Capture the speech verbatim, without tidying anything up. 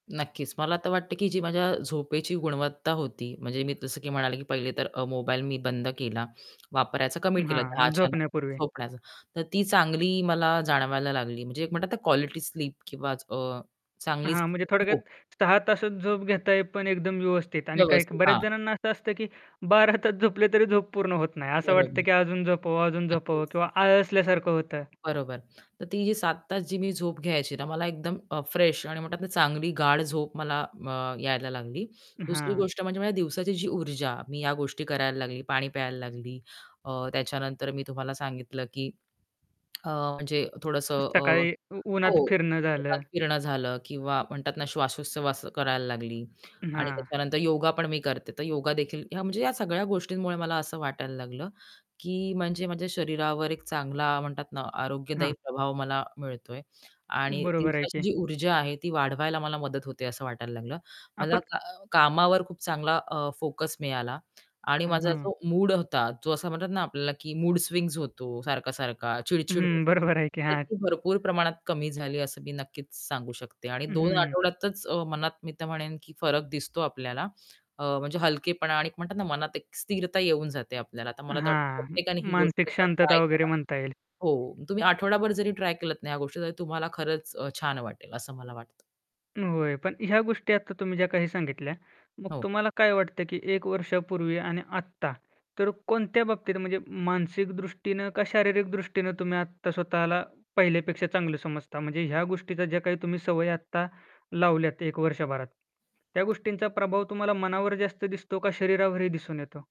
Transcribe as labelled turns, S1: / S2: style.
S1: नक्कीच, मला तर वाटतं की जी माझ्या झोपेची गुणवत्ता होती, म्हणजे मी जसं की म्हणाले की पहिले तर अ, मोबाईल मी बंद केला, वापरायचा कमी केला. दहा
S2: हां,
S1: च्या
S2: झोपण्यापूर्वी.
S1: नंतर झोपण्याचा. तर ती चांगली मला जाणवयला लागली. म्हणजे एक म्हणतात ना, क्वालिटी स्लीप किंवा अ, चांगली
S2: हां, म्हणजे थोडक्यात
S1: झोप.
S2: सहा तासच झोप घेताय, पण एकदम व्यवस्थित. आणि काहिक
S1: व्यवस्थित,
S2: बऱ्याच
S1: हां.
S2: जणांना असं असतं की बारा तास झोपले तरी झोप पूर्ण होत नाही. असं वाटतं
S1: बरोबर.
S2: की अजून झोपावं अजून
S1: नक्कीच.
S2: झोपावं, किंवा आळसल्यासारखं होतं.
S1: बरोबर, तर ती जी सात तास मी झोप घ्यायची ना, तर मला एकदम फ्रेश आणि म्हणतात ना, चांगली गाढ झोप मला अ, यायला लागली. दुसरी
S2: हां.
S1: गोष्ट म्हणजे माझ्या दिवसाची जी ऊर्जा, मी या गोष्टी करायला लागली, पाणी प्यायला लागली. अ, त्याच्यानंतर मी तुम्हाला सांगितलं की अ, म्हणजे थोडंसं अ,
S2: सकाळी
S1: हो,
S2: उन्हात फिरणं
S1: उन्हात
S2: झालं.
S1: फिरणं झालं किंवा म्हणतात ना, श्वाशोश्वास करायला लागली. आणि
S2: हां.
S1: त्याच्यानंतर योगापण मी करते, तर योगादेखील या म्हणजे सगळ्या गोष्टींमुळे मला असं वाटायला लागलं की, म्हणजे माझ्या शरीरावर एक चांगला म्हणतात ना, आरोग्यदायी
S2: हां.
S1: प्रभाव मला मिळतोय आणि
S2: बरोबर आहे
S1: दिवसाची
S2: की.
S1: जी ऊर्जा आहे, ती वाढवायला मला मदत होते, असं वाटायला लागलं. मला
S2: आपण
S1: का कामावर खूप चांगला अ, फोकस मिळाला आणि माझा
S2: हं.
S1: जो मूड होता, जो असा म्हणतात ना, आपल्याला की मूड स्विंग्स होतो, सारखा-सारखा चिड-चिड होते,
S2: हं बरोबर आहे की
S1: तर
S2: हां.
S1: ती भरपूर प्रमाणात कमी झाली, असं मी नक्कीच सांगू शकते. आणि
S2: हं,
S1: दोन
S2: हं.
S1: आठवड्यातच, अ, मनात मी तर म्हणेन की, फरक दिसतो आपल्याला. अ, म्हणजे हलकेपणा आणि एक म्हणतात ना, मनात एक स्थिरता येऊन जाते आपल्याला. तर मला तर वाटतं,
S2: हां,
S1: प्रत्येकाने ही गोष्ट
S2: मानसिक
S1: एकदा ना ट्राय
S2: शांतता वगैरे
S1: करा.
S2: म्हणता येईल.
S1: हो, तुम्ही आठवडाभर जरी ट्राय केलत ना ह्या गोष्टी, तरी तुम्हाला खरंच अ, छान वाटेल, असं मला वाटतं.
S2: होय, पण ह्या गोष्टी आता तुम्ही ज्या काही सांगितल्या, मग
S1: हो.
S2: तुम्हाला काय वाटतं की एक वर्षापूर्वी आणि आत्ता, तर कोणत्या बाबतीत म्हणजे मानसिक दृष्टीनं का शारीरिक दृष्टीनं, तुम्ही आत्ता स्वतःला पहिल्यापेक्षा चांगलं समजता? म्हणजे ह्या गोष्टीचा ज्याकाही तुम्ही सवय आत्ता लावले आहेत, एक वर्षभरात त्या गोष्टींचा प्रभाव तुम्हाला मनावर जास्त दिसतो का शरीरावरही दिसून येतो?